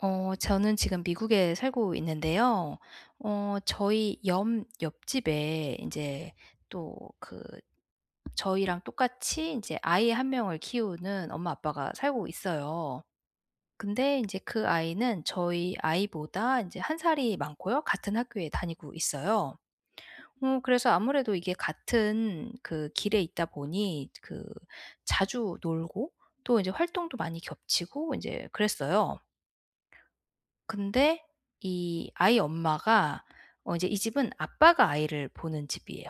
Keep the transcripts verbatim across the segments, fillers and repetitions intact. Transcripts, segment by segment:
어 저는 지금 미국에 살고 있는데요 어 저희 염 옆집에 인제 또 그 저희랑 똑같이 인제 아이 한 명을 키우는 엄마, 아빠가 살고 있어요. 근데 인제 그 아이는 저희 아이보다 인제 한 살이 많고요 같은 학교에 다니고 있어요. 어 그래서 아무래도 이게 같은 그 길에 있다 보니 그 자주 놀고 또 이제 활동도 많이 겹치고 인제 그랬어요. 근데 이 아이 엄마가 어 이제 이 집은 아빠가 아이를 보는 집이에요.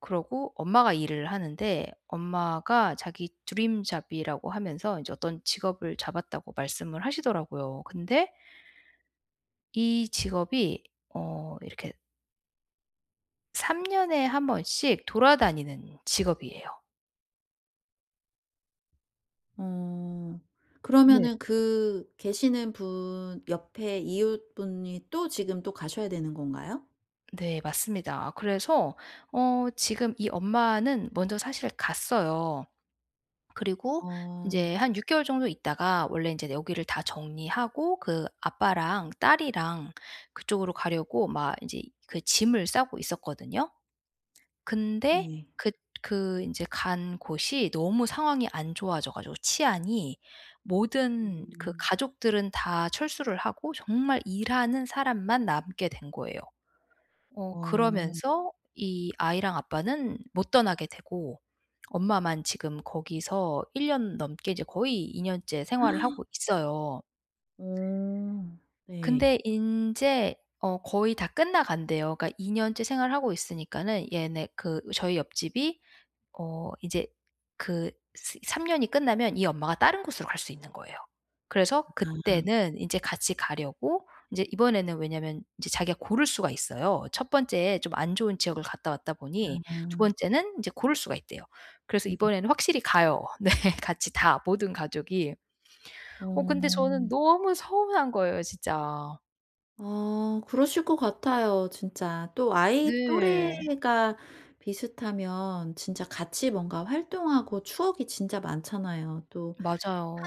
그러고 엄마가 일을 하는데 엄마가 자기 드림 잡이라고 하면서 이제 어떤 직업을 잡았다고 말씀을 하시더라고요. 근데 이 직업이 어 이렇게 삼 년에 한 번씩 돌아다니는 직업이에요. 어. 네. 그러면은 그 계시는 분 옆의 이웃분이 또 지금 또 가셔야 되는 건가요? 네 맞습니다. 아 그래서 어 지금 이 엄마는 먼저 사실 갔어요. 그리고 어. 인제 한 육 개월 정도 있다가 원래 인제 여기를 다 정리하고 그 아빠랑 딸이랑 그쪽으로 가려고 막 인제 이 그 짐을 싸고 있었거든요? 근데 네. 그 그 인제 간 곳이 너무 상황이 안 좋아져 가지고 치안이 모든 그 음. 가족들은 다 철수를 하고 정말 일하는 사람만 남게 된 거예요. 어 어. 그러면서 이 아이랑 아빠는 못 떠나게 되고 엄마만 지금 거기서 일 년 넘게 이제 거의 이 년째 생활을 하고 있어요. 어 네. 근데 인제 어 거의 다 끝나간대요. 그러니까 이 년째 생활하고 있으니까는 얘네 그 저희 옆집이 어 이제 그 스 삼 년이 끝나면 이 엄마가 다른 곳으로 갈 수 있는 거예요. 그래서 아. 그때는 인제 같이 가려고 인제 이번에는 왜냐면 인제 자기가 고를 수가 있어요. 첫 번째에 좀 안 좋은 지역을 갔다 왔다 보니 두 아. 번째는 인제 고를 수가 있대요. 그래서 네. 이번에는 확실히 가요. 네 같이 다 모든 가족이. 어 근데 저는 어. 너무 서운한 거예요, 진짜. 아 그러실 것 같아요, 진짜. 또 아이 네. 또래가 비슷하면 진짜 같이 뭔가 활동하고 추억이 진짜 많잖아요. 또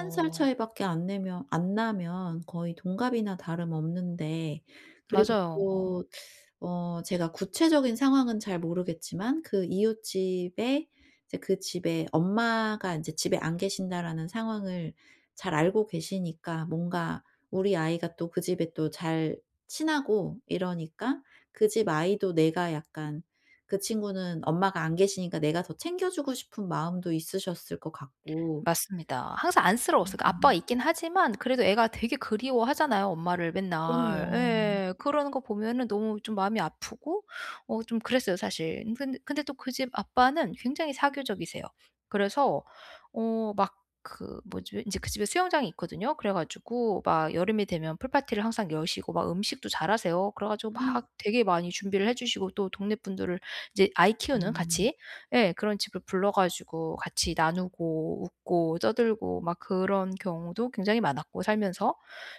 한 살 차이밖에 안 내면 안 나면 거의 동갑이나 다름없는데 그리고 맞아요 어. 또 어 제가 구체적인 상황은 잘 모르겠지만 그 이웃집에 이제 그 집에 엄마가 인제 집에 안 계신다라는 상황을 잘 알고 계시니까 뭔가 우리 아이가 또 그 집에 또 잘 친하고 이러니까 그 집 아이도 내가 약간 그 친구는 엄마가 안 계시니까 내가 더 챙겨주고 싶은 마음도 있으셨을 것 같고 맞습니다. 항상 안쓰러웠어요. 그니까 아빠가 음. 있기는 하지만 그래도 애가 되게 그리워하잖아요, 엄마를 맨날. 그럼요. 예 그러는 거 보면은 너무 좀 마음이 아프고 어 좀 그랬어요, 사실. 인 근 근데 또 그 집 아빠는 굉장히 사교적이세요. 그래서 어 막 그 뭐지 인제 그 집에 수영장이 있거든요. 그래 가지고 막 여름이 되면 풀 파티를 항상 여시고 막 음식도 잘하세요. 그래 가지고 막 되게 많이 준비를 해주시고 또 동네 분들을 이제 아이 키우는 아. 같이 예 그런 집을 불러 가지고 같이 나누고 웃고 떠들고 막 그런 경우도 굉장히 많았고, 살면서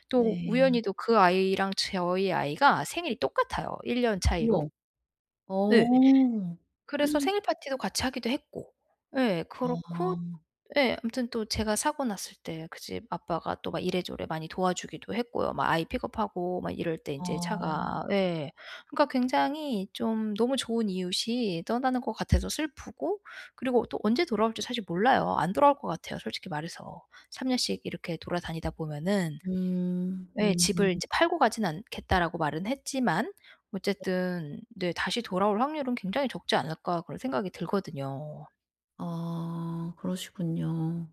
또 네. 우연히도 그 아이랑 제 저희 아이가 생일이 똑같아요, 일 년 차이로. 어머. 예. 어. 그래서 생일 파티도 같이 하기도 했고. 예 그렇고 아. 예 아무튼 또 제가 사고 났을 때 그 집 아빠가 또 막 이래저래 많이 도와주기도 했고요. 뭐 아이 픽업하고 막 이럴 때 아. 인제 차가 예. 그러니까 굉장히 좀 너무 좋은 이웃이 떠나는 것 같아서 슬프고 그리고 또 언제 돌아올지 사실 몰라요. 안 돌아올 것 같아요 솔직히 말해서. 삼 년씩 이렇게 돌아다니다 보면은 음. 예 음음. "집을 인제 팔고 가지는 않겠다."라고 말은 했지만 어쨌든 네 '다시 돌아올 확률은 굉장히 적지 않을까?' 그런 생각이 들거든요. 어 그러시군요.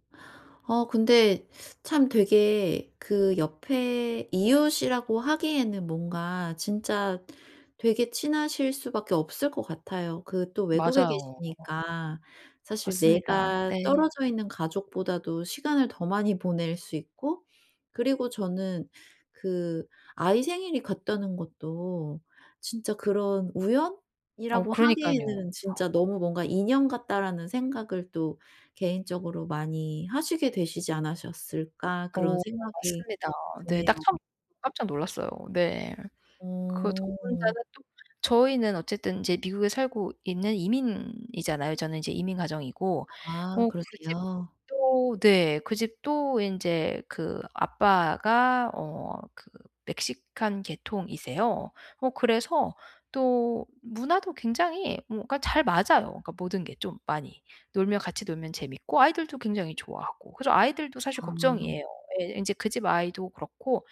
어 근데 참 되게 그 옆에 이웃이라고 하기에는 뭔가 진짜 되게 친하실 수밖에 없을 것 같아요. 그 또 외국에 맞아요. 계시니까 사실 맞습니다. 내가 네. 떨어져 있는 가족보다도 시간을 더 많이 보낼 수 있고 그리고 저는 그 아이 생일이 같다는 것도 '진짜 그런 어 우연이라고 그러니깐요. 하기에는 '진짜 너무 뭔가 인연 같다.'라는 생각을 또 개인적으로 많이 하시게 되시지 않으셨을까?' 그런 어 생각이 맞습니다 네. 드네요. 딱 처음 깜짝 놀랐어요 네. 그 저 어. 혼자는 또 저희는 어쨌든 인제 미국에 살고 있는 이민이잖아요. 저는 이제 이민 가정이고 아 어 그 그러세요? 집도 네 그 집도 인제 그 아빠가 어 그 멕시칸 계통이세요. 어 그래서 또 문화도 굉장히 뭔가 잘 맞아요 그러니까 모든 게 좀 많이. 놀면 같이 놀면 재미있고 아이들도 굉장히 좋아하고. 그래서 아이들도 사실 아. 걱정이에요. 예. 인제 그 집 아이도 그렇고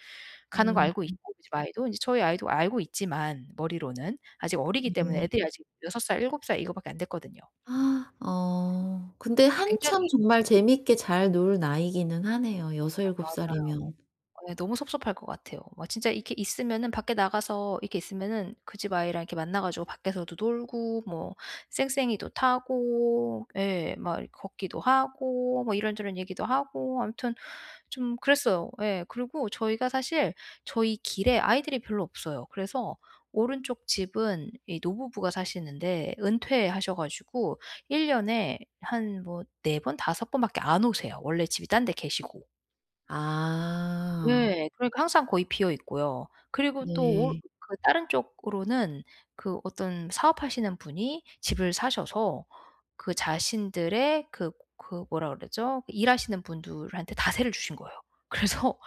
가는 거 음 알고 음. 있고 그 집 아이도 인제 저희 아이도 알고 있지만 머리로는 아직 어리기 때문에 애들이 예. 아직 여섯 살, 일곱 살 이거밖에 안 됐거든요. 어. 근데 굉장히 한참 정말 재미있게 잘 놀 나이기는 하네요 아 여서일곱 맞아요. 살이면. 예 너무 섭섭할 것 같아요. 와 진짜 이렇게 있으면은 밖에 나가서 이렇게 있으면은 그 집 아이랑 이렇게 만나 가지고 밖에서도 놀고 뭐 쌩쌩이도 타고 예 막 이렇게 걷기도 하고 뭐 이런저런 얘기도 하고 아무튼 좀 그랬어요. 예. 그리고 저희가 사실 저희 길에 아이들이 별로 없어요. 그래서 오른쪽 집은 이 노부부가 사시는데 은퇴하셔 가지고 일 년에 한 뭐 네 번, 다섯 번밖에 안 오세요 원래 집이 딴 데 계시고. 아. 예. 그러니까 항상 거의 비어 있고요. 그리고 또 올 네. 그 다른 쪽으로는 그 어떤 사업하시는 분이 집을 사셔서 그 자신들의 그 그 뭐라 그러죠? 일하시는 분들한테 다 세를 주신 거예요. 그래서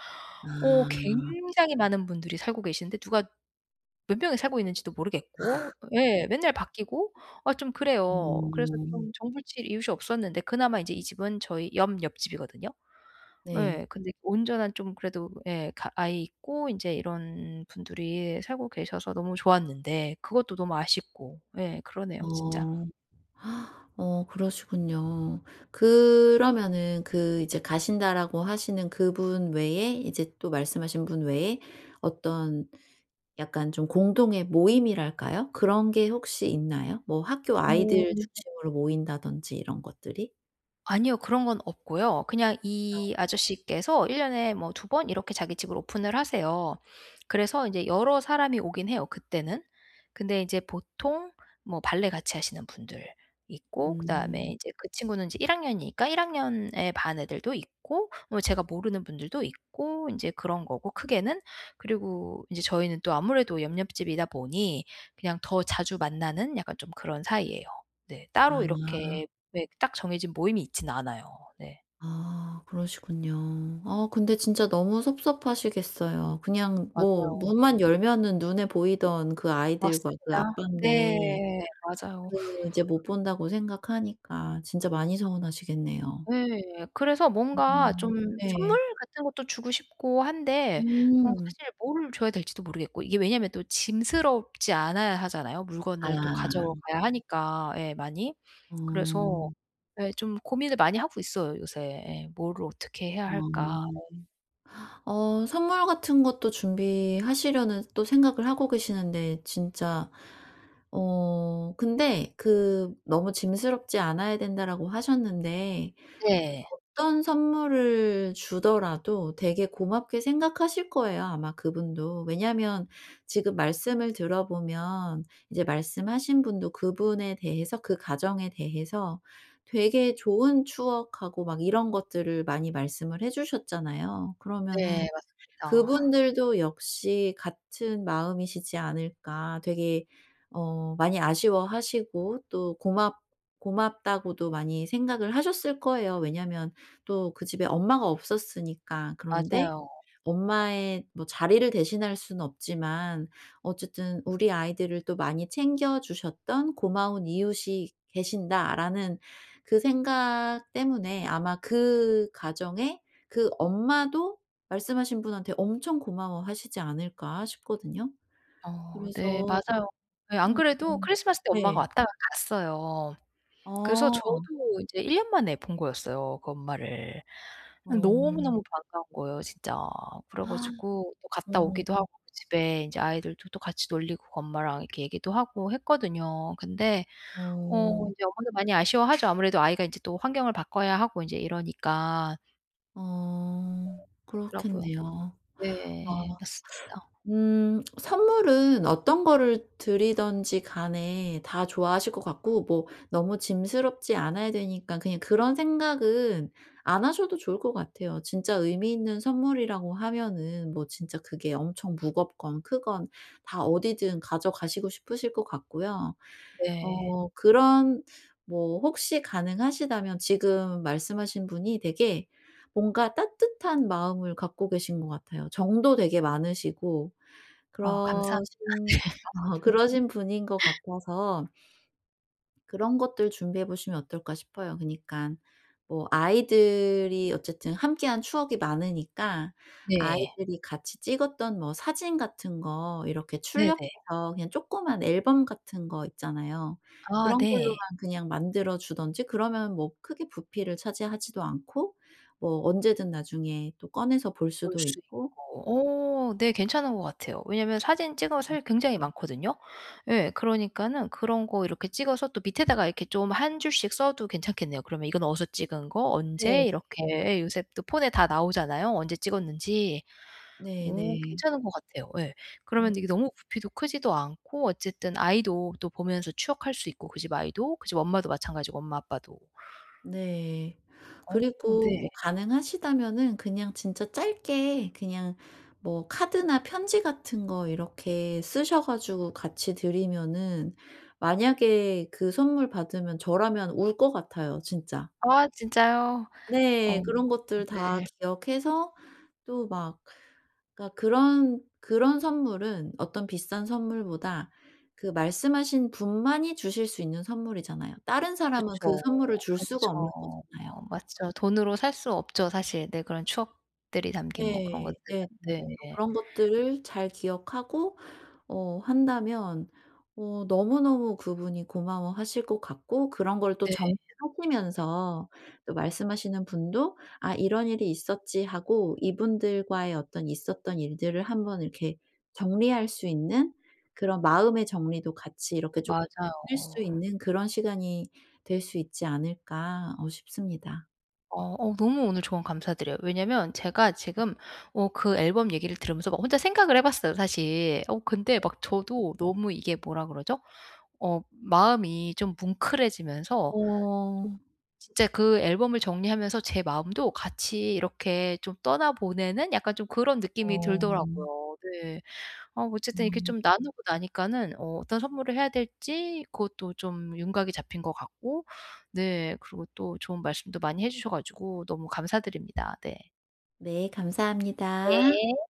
어 아. 굉장히 많은 분들이 살고 계시는데 누가 몇 명이 살고 있는지도 모르겠고 예 맨날 바뀌고 아 좀 그래요. 그래서 어. 좀 정 붙일 이웃이 없었는데 그나마 이제 이 집은 저희 옆 옆집이거든요. 네. 예 근데 온전한 좀 그래도 예 가 아이 있고 인제 이런 분들이 살고 계셔서 너무 좋았는데 그것도 너무 아쉽고 예 그러네요 진짜. 어. 어 그러시군요. 그러면은 그 이제 가신다라고 하시는 그분 외에 이제 또 말씀하신 분 외에 어떤 약간 좀 공동의 모임이랄까요, 그런 게 혹시 있나요? 뭐 학교 어. 아이들 중심으로 모인다든지 이런 것들이? 아니요. 그런 건 없고요. 그냥 어. 이 아저씨께서 일 년에 뭐 두 번 이렇게 자기 집을 오픈을 하세요. 그래서 인제 여러 사람이 오긴 해요 그때는. 근데 이제 보통 뭐 발레 같이 하시는 분들 있고 그다음에 음. 이제 그 친구는 이제 일 학년이니까 일 학년의 반 애들도 있고 뭐 제가 모르는 분들도 있고 인제 그런 거고 크게는 그리고 인제 저희는 또 아무래도 옆 옆집이다 보니 그냥 더 자주 만나는 약간 좀 그런 사이예요. 네 따로 아. 이렇게 왜 그 딱 정해진 모임이 있진 않아요. 네. 아 그러시군요. 어 근데 진짜 너무 섭섭하시겠어요. 그냥 뭐 맞아요. 문만 열면은 눈에 보이던 그 아이들과 그 맞습니다. 아빤데 네. 맞아요. 그 이제 못 본다고 생각하니까 진짜 많이 서운하시겠네요. 예. 그래서 뭔가 음. 좀 선물 예. 같은 것도 주고 싶고 한데 어 음. 사실 뭐를 줘야 될지도 모르겠고 이게 왜냐하면 또 짐스럽지 않아야 하잖아요 물건을 또 아. 가져가야 하니까 예 많이. 그래서 어. 예 좀 고민을 많이 하고 있어요 요새. 예. '뭐를 어떻게 해야 어. 할까?' 어. 어 선물 같은 것도 준비하시려는 또 생각을 하고 계시는데 진짜 어 근데 그 "너무 짐스럽지 않아야 된다."라고 하셨는데 네. 어떤 선물을 주더라도 되게 고맙게 생각하실 거예요 아마 그분도. 왜냐하면 지금 말씀을 들어보면 이제 말씀하신 분도 그분에 대해서, 그 가정에 대해서 되게 좋은 추억하고 막 이런 것들을 많이 말씀을 해 주셨잖아요. 네. 그러면은 맞습니다. 그분들도 역시 같은 마음이시지 않을까? 되게 어 많이 아쉬워하시고 또 고맙 고맙다고도 많이 생각을 하셨을 거예요 왜냐하면 또 그 집에 엄마가 없었으니까. 그런데 맞아요. 엄마의 뭐 자리를 대신할 수는 없지만 어쨌든 '우리 아이들을 또 많이 챙겨 주셨던 고마운 이웃이 계신다.'라는 그 생각 때문에 아마 '그 가정의 그 엄마도 말씀하신 분한테 엄청 고마워하시지 않을까?' 싶거든요. 어 네. 그래서 맞아요. 예 안 어. 그래도 크리스마스 때 네. 엄마가 왔다가 갔어요. 그래서 저도 어. 이제 일 년 만에 본 거였어요 그 엄마를. 어 어. 너무너무 반가운 거예요 진짜. 그래 가지고 또 갔다 어. 오기도 하고 집에 인제 아이들도 또 같이 놀리고 그 엄마랑 이렇게 얘기도 하고 했거든요. 근데 어. 어 인제 엄마도 많이 아쉬워하죠 아무래도 아이가 이제 또 환경을 바꿔야 하고 인제 이러니까. 어. 그렇더라고요. 그렇겠네요. 아. 네. 맞습니다. 음 선물은 어떤 거를 드리든지 간에 다 좋아하실 것 같고 뭐 너무 짐스럽지 않아야 되니까 그냥 그런 생각은 안 하셔도 좋을 것 같아요. 진짜 의미 있는 선물이라고 하면은 뭐 진짜 그게 엄청 무겁건 크건 다 어디든 가져가시고 싶으실 것 같고요. 네. 어 그런 뭐 혹시 가능하시다면 지금 말씀하신 분이 되게 뭔가 따뜻한 마음을 갖고 계신 것 같아요. 정도 되게 많으시고 아 감사합니다. 네. 그러신 그러신 분인 것 같아서 그런 것들 준비해 보시면 어떨까 싶어요. 그러니깐 뭐 아이들이 어쨌든 함께한 추억이 많으니까 네. 아이들이 같이 찍었던 뭐 사진 같은 거 이렇게 네네. 출력해서 그냥 쪼끄만 앨범 같은 거 있잖아요. 아 그런 걸로만 네. 그냥 만들어 주든지 그러면 뭐 크게 부피를 차지하지도 않고 뭐 언제든 나중에 또 꺼내서 볼 볼 수도 수 있고. 있고 어 네 괜찮은 것 같아요. 왜냐하면 사진 찍 어 음. 실 굉장히 많거든요. 예. 그러니까는 그런 거 이렇게 찍어서 또 밑에다가 이렇게 좀 한 줄씩 써도 괜찮겠네요. 그러면 이건 어디서 찍은 거 네. 언제 이렇게 예 요새 또 폰에 다 나오잖아요 언제 찍었는지. 어 네네. 괜찮은 거 같아요. 예. 어. 그러면 이게 너무 부피도 크지도 않고 어쨌든 아이도 또 보면서 추억할 수 있고 그 집 아이도 그 집 엄마도 마찬가지고 엄마 아빠도. 네. 어 그리고 네. 뭐 가능하시다면은 그냥 진짜 짧게 그냥 뭐 카드나 편지 같은 거 이렇게 쓰셔 가지고 같이 드리면은 만약에 그 선물 받으면 저라면 울 것 같아요 진짜. 아 진짜요? 어 네. 어 그런 것들 다 네. 기억해서 또 막 그러니까 그런 그런 선물은 어떤 비싼 선물보다 그 말씀하신 분만이 주실 수 있는 선물이잖아요. 다른 사람은 그 그쵸. 선물을 줄 수가 없는 그쵸. 거잖아요. 아 맞죠. 돈으로 살 수 없죠 사실. 네 그런 추억들이 담긴 뭐 그런 것들은. 예. 네네. 또 네네. 그런 것들을 잘 기억하고 어 한다면 어 너무너무 그분이 고마워하실 것 같고 그런 걸 또 네. 정리하시면서 또 말씀하시는 분도 '아 이런 일이 있었지.' 하고 이분들과의 어떤 있었던 일들을 한 번 이렇게 정리할 수 있는 그런 마음의 정리도 같이 이렇게 쪼끔 느낄 맞아요. 수 있는 그런 시간이 될 수 있지 않을까 어 싶습니다. 어 어 너무 오늘 조언 감사드려요. 왜냐하면 제가 지금 어 그 앨범 얘기를 들으면서 막 혼자 생각을 해봤어요 사실. 어 근데 막 저도 너무 이게 뭐라 그러죠? 어 마음이 좀 뭉클해지면서 좀 어. 진짜 그 앨범을 정리하면서 제 마음도 같이 이렇게 좀 떠나보내는 약간 좀 그런 느낌이 어. 들더라고요. 네. 어 어쨌든 이렇게 음. 좀 나누고 나니까는 어 어떤 선물을 해야 될지 그것도 좀 윤곽이 잡힌 것 같고 네 그리고 또 좋은 말씀도 많이 해 주셔 가지고 너무 감사드립니다. 네. 네. 감사합니다. 네.